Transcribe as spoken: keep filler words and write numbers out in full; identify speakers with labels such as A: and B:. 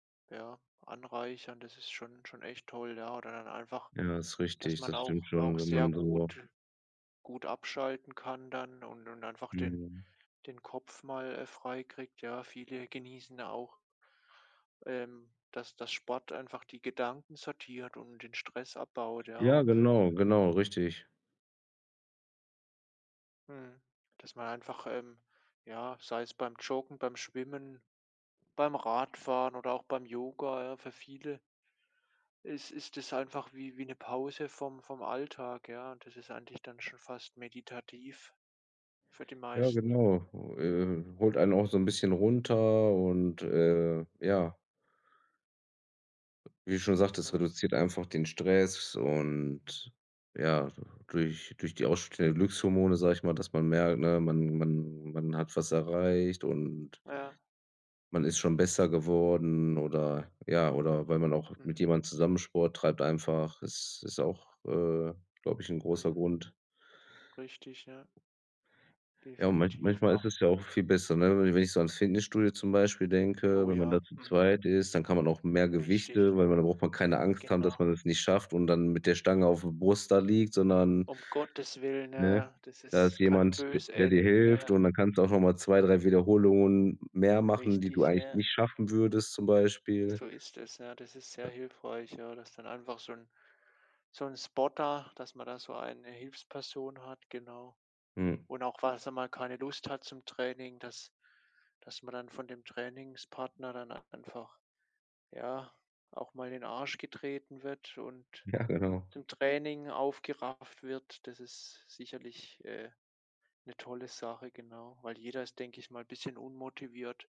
A: Ja, anreichern, das ist schon schon echt toll, ja. Oder dann einfach,
B: Ja, ist
A: dass
B: richtig, das
A: man
B: stimmt
A: auch
B: schon,
A: auch
B: wenn
A: sehr
B: man so
A: gut gut abschalten kann dann und und einfach den
B: Mhm.
A: den Kopf mal, äh, freikriegt, ja. Viele genießen auch ähm, dass dass Sport einfach die Gedanken sortiert und den Stress abbaut, ja,
B: Ja,
A: ob
B: genau, genau, richtig.
A: mhm, dass man einfach, ähm, ja, sei es beim Joggen, beim Schwimmen, beim Radfahren oder auch beim Yoga, ja, für viele ist ist es einfach wie wie 'ne Pause vom vom Alltag, ja? Das ist eigentlich dann schon fast meditativ für die
B: Ja,
A: meisten.
B: genau, äh, holt einen auch so 'n bisschen runter und, äh, ja. Wie du schon sagtest,
A: Mhm.
B: reduziert einfach den Stress und, ja, du durch durch die ausstehenden Glückshormone, sag ich mal, dass man merkt, ne, man man man hat was erreicht und
A: Ja.
B: man ist schon besser geworden oder ja, oder weil man auch mit
A: Mhm.
B: jemandem zusammen Sport treibt einfach. Es ist auch, äh, glaube ich, 'n großer
A: Mhm.
B: Grund.
A: Richtig, ja.
B: Ja, und man
A: Definitiv,
B: manchmal ist
A: ja.
B: es ja auch viel besser, ne? Wenn wenn ich so ans Fitnessstudio zum Beispiel denke,
A: Oh
B: wenn man
A: ja,
B: da zu
A: mhm.
B: zweit ist, dann kann man auch mehr
A: Richtig.
B: Gewichte weil da braucht man keine Angst haben, dass
A: Genau.
B: man es nicht schafft und dann mit der Stange auf der Brust da liegt, sondern
A: Um Gottes Willen, ja
B: ne?
A: ja, das
B: Da ist
A: ist kann
B: jemand, d
A: böse
B: der dir
A: enden,
B: hilft
A: ja.
B: und dann kannst du auch noch mal zwei, drei Wiederholungen mehr machen, die du
A: Richtig,
B: eigentlich
A: ja.
B: nicht schaffen würdest, zum Beispiel.
A: So ist es, ja. Das ist sehr hilfreich, ja, dass dann einfach so 'n so 'n Spotter, dass man da so eine Hilfsperson hat, genau.
B: Hm.
A: Und auch, falls man mal keine Lust hat zum Training, dass dass man dann von dem Trainingspartner dann einfach, ja, auch mal in den Arsch getreten wird und
B: Ja, genau.
A: zum Training aufgerafft wird. Das ist sicherlich, äh, 'ne tolle Sache, genau. Weil jeder ist, denke ich mal, bisschen unmotiviert.